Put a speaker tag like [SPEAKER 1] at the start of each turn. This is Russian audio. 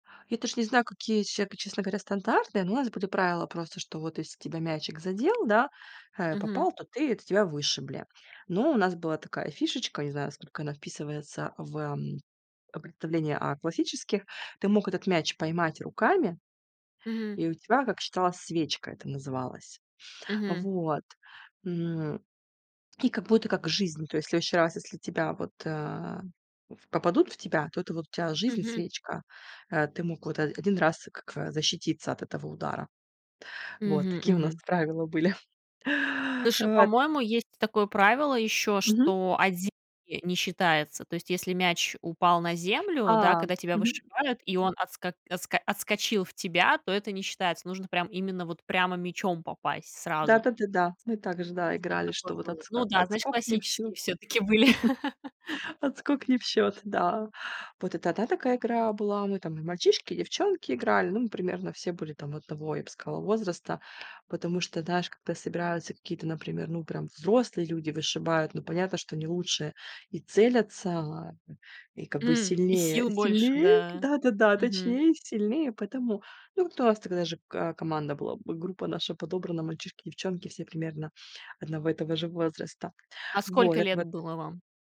[SPEAKER 1] Я даже не знаю, какие еще, честно говоря, стандарты, но у нас были правила просто, что вот если тебя мячик задел, да, э,
[SPEAKER 2] Мгм.
[SPEAKER 1] попал, то ты то тебя вышибли, но у нас была такая фишечка, не знаю, насколько она вписывается в, эм, представление о классических: ты мог этот мяч поймать руками,
[SPEAKER 2] Мгм.
[SPEAKER 1] и у тебя, как считалось, "свечка" это называлось. А
[SPEAKER 2] Мгм.
[SPEAKER 1] вот, м, и как будто как жизнь, то есть в следующий раз если тебя вот, э, в попадут в тебя, то это вот у тебя жизнь,
[SPEAKER 2] Мгм.
[SPEAKER 1] свечка. Э, ты мог вот од один раз как, э, защититься от этого удара. Вот
[SPEAKER 2] Мгм,
[SPEAKER 1] такие у нас
[SPEAKER 2] мгм.
[SPEAKER 1] правила были.
[SPEAKER 2] Слушай,
[SPEAKER 1] Вот.
[SPEAKER 2] по-моему, есть такое правило ещё,
[SPEAKER 1] Мгм.
[SPEAKER 2] что от земли не считается. То есть, если мяч упал на землю, да,
[SPEAKER 1] А,
[SPEAKER 2] когда тебя
[SPEAKER 1] мгм.
[SPEAKER 2] вышибают, и он отско отско отскочил в тебя, то это не считается. Нужно, прям, именно вот прямо мячом попасть сразу.
[SPEAKER 1] Да-да-да-да. Мы также, да,
[SPEAKER 2] Вот что-то
[SPEAKER 1] играли,
[SPEAKER 2] такое
[SPEAKER 1] что вот
[SPEAKER 2] было.
[SPEAKER 1] отск
[SPEAKER 2] Ну
[SPEAKER 1] а,
[SPEAKER 2] да, значит,
[SPEAKER 1] отскок не в
[SPEAKER 2] классические
[SPEAKER 1] счёт.
[SPEAKER 2] всё-таки были.
[SPEAKER 1] Отскок не в счёт, да. Вот это 1 такая игра была. Ну, и там мальчишки и девчонки играли. Ну, мы примерно все были одного, я б сказала, возраста. Потому что, знаешь, когда собираются какие-то, например, ну, прям взрослые люди вышибают, ну, понятно, что они лучше и целятся, и как бы
[SPEAKER 2] М, и
[SPEAKER 1] сильнее
[SPEAKER 2] сил больше,
[SPEAKER 1] сильнее,
[SPEAKER 2] да.
[SPEAKER 1] да-да-да,
[SPEAKER 2] Мгм.
[SPEAKER 1] точнее, сильнее. Поэтому, ну, вот у нас тогда же ка команда была, бы группа наша подобрана, мальчишки, девчонки, все примерно одного и того же возраста.
[SPEAKER 2] А
[SPEAKER 1] Вот,
[SPEAKER 2] сколько
[SPEAKER 1] так
[SPEAKER 2] лет
[SPEAKER 1] вот.
[SPEAKER 2] было вам?